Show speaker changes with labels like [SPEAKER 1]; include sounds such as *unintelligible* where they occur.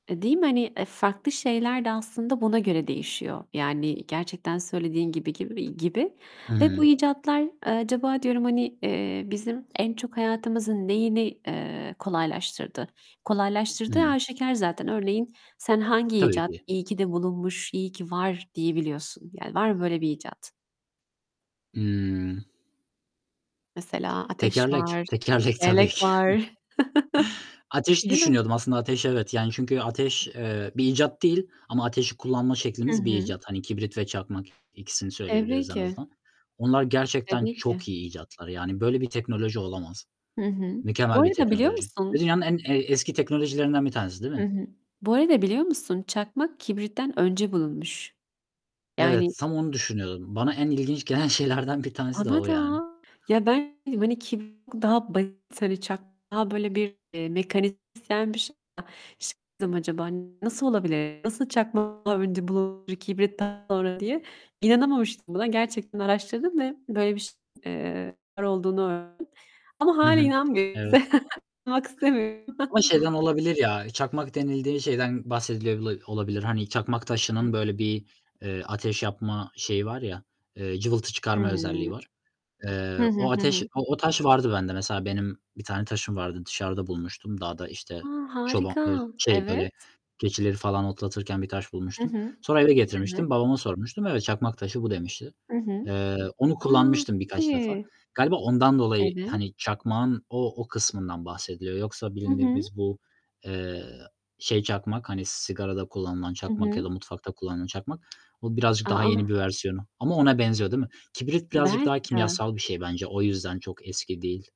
[SPEAKER 1] E, değil mi? Hani, eee, farklı şeyler de aslında buna göre değişiyor. Yani, gerçekten söylediğin gibi gibi gibi.
[SPEAKER 2] Hı
[SPEAKER 1] Ve bu
[SPEAKER 2] hı.
[SPEAKER 1] icatlar, eee, acaba diyorum, hani, eee, bizim en çok hayatımızın neyini, eee, kolaylaştırdı?
[SPEAKER 2] Hı
[SPEAKER 1] Kolaylaştırdığı
[SPEAKER 2] hı.
[SPEAKER 1] aşikâr zaten. Örneğin sen hangi
[SPEAKER 2] Tabii
[SPEAKER 1] icat,
[SPEAKER 2] ki.
[SPEAKER 1] "İyi ki de bulunmuş, iyi ki var." diyebiliyorsun? Yani var mı böyle bir icat?
[SPEAKER 2] Hımm.
[SPEAKER 1] Mesela ateş
[SPEAKER 2] Tekerlek.
[SPEAKER 1] var,
[SPEAKER 2] Tekerlek, tabii
[SPEAKER 1] tekerlek
[SPEAKER 2] ki.
[SPEAKER 1] var. *chuckles*
[SPEAKER 2] *chuckles* Ateşi
[SPEAKER 1] Değil mi?
[SPEAKER 2] düşünüyordum aslında. Ateş, evet. Yani, çünkü ateş, eee, bir icat değil ama ateşi kullanma
[SPEAKER 1] Hı
[SPEAKER 2] şeklimiz bir
[SPEAKER 1] hı.
[SPEAKER 2] icat. Hani, kibrit ve çakmak, ikisini
[SPEAKER 1] Tabii
[SPEAKER 2] söyleyebiliriz en
[SPEAKER 1] ki.
[SPEAKER 2] azından. Onlar gerçekten
[SPEAKER 1] Tabii ki.
[SPEAKER 2] çok iyi icatlar. Yani böyle bir teknoloji olamaz.
[SPEAKER 1] Hı hı. Bu
[SPEAKER 2] Mükemmel bir
[SPEAKER 1] arada biliyor
[SPEAKER 2] teknoloji ve
[SPEAKER 1] musun
[SPEAKER 2] dünyanın en, eee, eski teknolojilerinden bir tanesi, değil
[SPEAKER 1] Hı
[SPEAKER 2] mi?
[SPEAKER 1] hı. Bu arada biliyor musun? Çakmak kibritten önce bulunmuş. Yani
[SPEAKER 2] Evet, tam onu düşünüyordum. Bana en ilginç gelen şeylerden bir tanesi de
[SPEAKER 1] Bana
[SPEAKER 2] o yani.
[SPEAKER 1] da. Ya, ben dedim, hani, kibrit daha basit, hani, çakmak daha, böyle, bir, eee, *unintelligible* bir şey ya. Şaşırdım, "Acaba, hani, nasıl olabilir, nasıl çakmak önce bulunur, kibrit daha sonra?" diye. İnanamamıştım buna. Gerçekten araştırdım ve böyle bir şey eee, var olduğunu öğrendim. Ama
[SPEAKER 2] Hı
[SPEAKER 1] hâlâ
[SPEAKER 2] hı,
[SPEAKER 1] inanmıyorum.
[SPEAKER 2] evet.
[SPEAKER 1] *chuckles* İnanmak istemiyorum.
[SPEAKER 2] Ama
[SPEAKER 1] *chuckles*
[SPEAKER 2] şeyden olabilir ya, çakmak denildiği şeyden bahsediliyor lı olabilir. Hani, çakmak
[SPEAKER 1] I
[SPEAKER 2] taşının, böyle, bir, eee, ateş yapma şeyi var ya, eee, cıvıltı
[SPEAKER 1] Hıı.
[SPEAKER 2] çıkarma özelliği var. Eee,
[SPEAKER 1] Hı hı,
[SPEAKER 2] o
[SPEAKER 1] hı
[SPEAKER 2] ateş
[SPEAKER 1] hı.
[SPEAKER 2] o o taş vardı bende. Mesela, benim bir tane taşım vardı, dışarıda bulmuştum dağda,
[SPEAKER 1] A,
[SPEAKER 2] işte, çoba eee,
[SPEAKER 1] harika!
[SPEAKER 2] şey, böyle,
[SPEAKER 1] Evet.
[SPEAKER 2] keçileri falan otlatırken bir taş
[SPEAKER 1] I
[SPEAKER 2] bulmuştum.
[SPEAKER 1] hı.
[SPEAKER 2] Sonra eve
[SPEAKER 1] Evet.
[SPEAKER 2] getirmiştim. Babama sormuştum, "Evet, çakmak taşı bu." demişti.
[SPEAKER 1] Hı hı.
[SPEAKER 2] Eee, onu
[SPEAKER 1] A,
[SPEAKER 2] kullanmıştım
[SPEAKER 1] çok
[SPEAKER 2] birkaç defa.
[SPEAKER 1] iyi!
[SPEAKER 2] Galiba ondan dolayı,
[SPEAKER 1] Evet.
[SPEAKER 2] hani, çakmağın o o kısmından bahsediliyor. Yoksa
[SPEAKER 1] Hı hı.
[SPEAKER 2] bildiğimiz bu, eee, şey çakmak, hani, sigarada kullanılan
[SPEAKER 1] Hı
[SPEAKER 2] çakmak ya da
[SPEAKER 1] hı.
[SPEAKER 2] mutfakta kullanılan çakmak, o birazcık
[SPEAKER 1] A,
[SPEAKER 2] daha yeni
[SPEAKER 1] a!
[SPEAKER 2] bir versiyonu. Ama ona benziyor, değil mi? Kibrit birazcık daha
[SPEAKER 1] Belki de.
[SPEAKER 2] kimyasal bir şey bence. O yüzden çok eski değil.